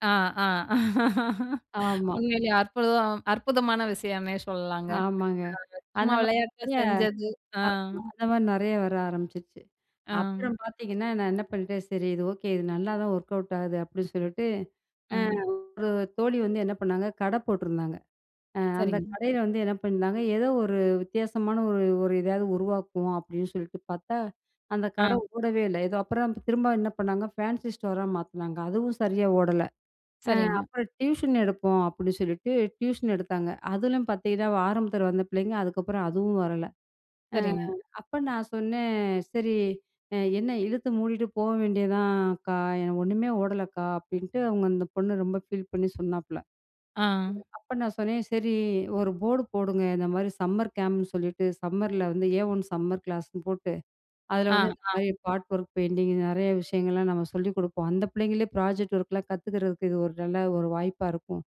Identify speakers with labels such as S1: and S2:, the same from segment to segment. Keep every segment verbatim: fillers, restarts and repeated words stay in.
S1: ஆ ஆ,
S2: ஆமா.
S1: உண்மையிலயே அற்புதம் அற்புதமான விஷயம்னே சொல்லலாங்க.
S2: ஆமாங்க.
S1: அ
S2: அந்த
S1: சும்மா விளையாட்டா
S2: மாரியே
S1: செஞ்சது, அம்.
S2: ஆமா அந்த மாரி நெறையா வர ஆரம்பிச்சுருச்சு. அப்புறம்
S1: அம்.
S2: பாத்தீங்கன்னா, நான் என்ன பண்ணிட்டேன், "சரி இது ஓகே. இது நல்லா தான் ஒர்க் அவுட் ஆகுது." அப்டின்னு சொல்லிட்டு, அ
S1: ம்.
S2: ஒரு தோழி வந்து என்ன பண்ணாங்க கட போட்டிருந்தாங்க. அ அந்த
S1: சரிங்க.
S2: கடையில வந்து என்ன பண்ணியிருந்தாங்க. ஏதோ ஒரு வித்தியாசமான, ஒரு ஒரு எதாவது உருவாக்குவோம் அப்டின்னு சொல்லிட்டு பாத்தா, அந்த
S1: ஆ.
S2: கட ஓடவே இல்ல. ஏதோ, அப்புறம் திரும்ப என்ன பண்ணாங்க ஃபேன்சி ஸ்டோரா மாத்துனாங்க. அதுவும் சரியா ஓடல. ஆ
S1: சரிங்க.
S2: அப்புறம் "டியூஷன் எடுப்போம்" அப்டின்னு சொல்லிட்டு டியூஷன் எடுத்தாங்க. அதுலயும் பாத்தீங்கன்னா, ஆரம்பத்தில வந்த பிள்ளைங்க, அதுக்கப்புறம் அதுவும் வரல. அ
S1: சரிங்க.
S2: அப்ப நான் சொன்னேன், சரி அ என்ன "இழுத்து மூடிட்டு போ வேண்டியது தான் அக்கா, எனக்கு ஒண்ணுமே ஓடலக்கா." அப்டின்ட்டு அவுங்க அந்த பொண்ணு ரொம்ப ஃபீல் பண்ணி சொன்னாப்ல.
S1: ஆ.
S2: அப்ப நான் சொன்னேன், "சரி ஒரு போர்டு போடுங்க. இந்த மாரி சம்மர் கேம்ப்னு சொல்லிட்டு, சம்மர்ல வந்து, ஏ ஒன் சம்மர் கிளாஸ்ன்னு போட்டு, அதில
S1: ஆ,
S2: வந்து இந்த மாரி
S1: ஆ.
S2: பாட் ஒர்க் பெயிண்டிங் நெறைய விஷயங்கள்லாம் நம்ம சொல்லிக் குடுப்போம். அந்த பிள்ளைங்களே ப்ராஜெக்ட் ஒர்க்லாம் கத்துக்கறதுக்கு இது ஒரு நல்ல ஒரு வாய்ப்பா இருக்கும்.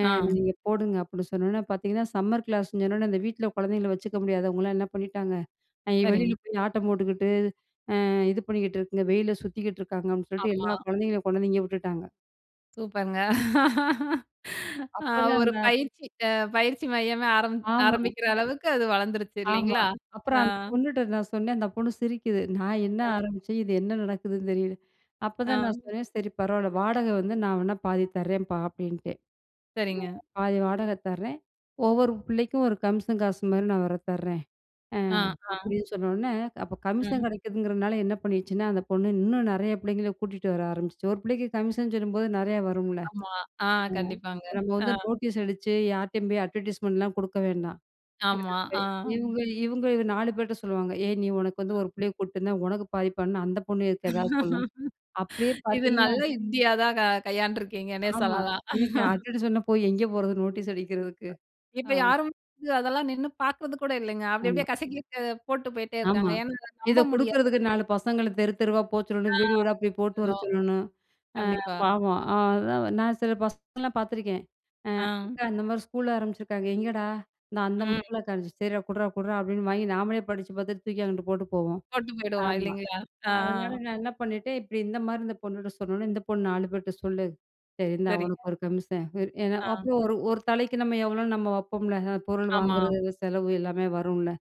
S2: அ
S1: ஆ.
S2: நீங்க போடுங்க" அப்டின்னு சொன்னோனே பாத்தீங்கன்னா, சம்மர் கிளாஸ்ன்னு சொன்னவுன்னே, அந்த வீட்ல குழந்தைங்க வச்சுக்க முடியாதவங்களாம் என்ன பண்ணிட்டாங்க, இ வெளியில
S1: சரிங்க.
S2: போயி ஆட்டம் போட்டுக்குட்டு, அ இது பண்ணிக்கிட்டு இருக்குங்க. வெயிலில சுத்திக்கிட்ருக்காங்க அப்டின்னு சொல்லிட்டு எல்லா
S1: ஆமா.
S2: குழந்தைங்களையும் கொண்டாந்து இங்க விட்டுட்டாங்க.
S1: சூப்பர்ங்க! ஆ
S2: அப்ப தான்
S1: ஒரு
S2: அந்த
S1: பயிற்சி அ பயிற்சி மையமே ஆரம்
S2: ஆமா.
S1: ஆரம்பிக்கிற அளவுக்கு அது வளந்துருச்சு
S2: ஆமா.
S1: இல்லைங்களா?
S2: அப்புறம்
S1: அ.
S2: அந்த பொண்ணுட்ட நான் சொன்னேன். அந்த பொண்ணு சிரிக்குது. "நான் என்ன
S1: த.
S2: ஆரம்பிச்சேன் இது என்ன நடக்குதுன்னு தெரியல"
S1: ஆ.
S2: அப்தான் நான் சொன்னேன், "சரி பரவால்ல வாடக வந்து நான் வேணா பாதி தரேன்பா" அப்டின்ட்டேன்.
S1: சரிங்க.
S2: "பாதி வாடக தரேன் ஒவ்வொரு பிள்ளைக்கும், ஒரு கமிஷன் காசு மாரி நான் வேற தர்றேன்" அ
S1: ஆ, ஆ.
S2: அப்டின்னு சொன்னவொன்னே, அப்ப கமிஷன்
S1: ம்.
S2: கிடைக்குதுங்கிறதுனால என்ன பண்ணிருச்சுன்னா, அந்த பொண்ணு இன்னும் நெறைய பிள்ளைங்கள கூட்டிட்டு வர ஆரம்பிச்சுச்சு. ஒரு பிள்ளைக்கு கமிஷன் சொல்லும்போது, நெறையா வரும்ல. அம்,
S1: ஆமா. ஆ கண்டிப்பாங்க.
S2: இப்ப நம்ப
S1: ஆ.
S2: வந்து நோட்டீஸ் அடிச்சு, யார்டயும் போய் அட்வர்டைஸ்மென்ட்லாம் குடுக்க வேண்டாம்.
S1: ஆமா, ஆ.
S2: [unintelligible] இவுங்க, இவுங்க நாலு பேர்ட்ட சொல்லுவாங்க. "ஏய் நீ உனக்கு வந்து ஒரு
S1: அ.
S2: பிள்ளைய கூட்டு வந்தா, உனக்கு பாதிப் பண்ணு." அந்த பொண்ணு இதுக்கு எதாவது சொல்லும். அப்டியே
S1: இது
S2: பாத்தீங்கன்னா
S1: நல்ல யுக்தியா தான் கை கையாண்டு இருக்கீங்கன்னே
S2: ஆமா.
S1: சொல்லலாம்.
S2: எனக்கு அட்வர்டைஸ்மென்ட்லாம் சொன்னப்போ, எங்கே போறது நோட்டீஸ் அடிக்கிறதுக்கு? ஆ.
S1: இப்ப யாரும் வந்து அதெல்லாம் நின்னு பாக்குறது கூட இல்லைங்க. அப்டி
S2: ஆமா.
S1: அப்டியே கசக்கிட்டு, போட்டு போயிட்டே
S2: ஆமா.
S1: இருக்காங்க. ஏன்னா,
S2: இத
S1: நம்ப
S2: குடுக்குறதுக்கு
S1: முடியாது.
S2: நாலு பசங்களும் தெரு தெருவா போ சொல்லணும். வீடு வீடா
S1: ஆ.
S2: போய் போட்டு வர
S1: [unintelligible]
S2: சொல்லணும். அ
S1: கண்டிப்பா.
S2: பாவம். அதான். நான் சில பசங்களலாம் பாத்துருக்கேன். அ
S1: ஆ.
S2: "அக்கா இந்த மாரி ஸ்கூல் ஆரம்பிச்சிருக்காங்க." "எங்கேடா?" அந்தா அந்த
S1: ம்.
S2: முக்குலக்கானு, "சரிடா குட்றா குட்றா" அப்டின்னு வாங்கி நாமளே படிச்சு பாத்துட்டு தூக்கி அங்கிட்டு போட்டு போவோம்.
S1: போட்டு போயிடுவோம்.
S2: ஆமா.
S1: இல்லைங்களா? ஆ
S2: அதனால நான் என்ன பண்ணிட்டேன், இப்டி இந்த மாரி இந்த பொண்ணுட்ட சொன்னவொன்னே, இந்த பொண்ணு நாலு பேர்ட்ட சொல்லும். சரி இந்தா
S1: சரிங்க.
S2: உனக்கு ஒரு கமிஷன். ஏன்னா
S1: ஆ.
S2: அப்ப ஒரு ஒரு தலைக்கு நம்ம எவ்வளோன்னு நம்ம வப்போம்ல! பொருள்
S1: ஆமா.
S2: வாங்குறது, செலவு எல்லாமே வரும்ல.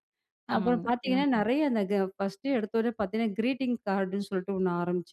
S2: அப்புறம்
S1: ஆமாங்க.
S2: பாத்தீங்கன்னா,
S1: ம்.
S2: நெறைய அந்த கு ஃபர்ஸ்ட்டு எடுத்த உடனே பாத்தீங்கன்னா, கிரீட்டிங் கார்டுன்னு சொல்ட்டு ஒண்ணு ஆரம்பிச்சேன்.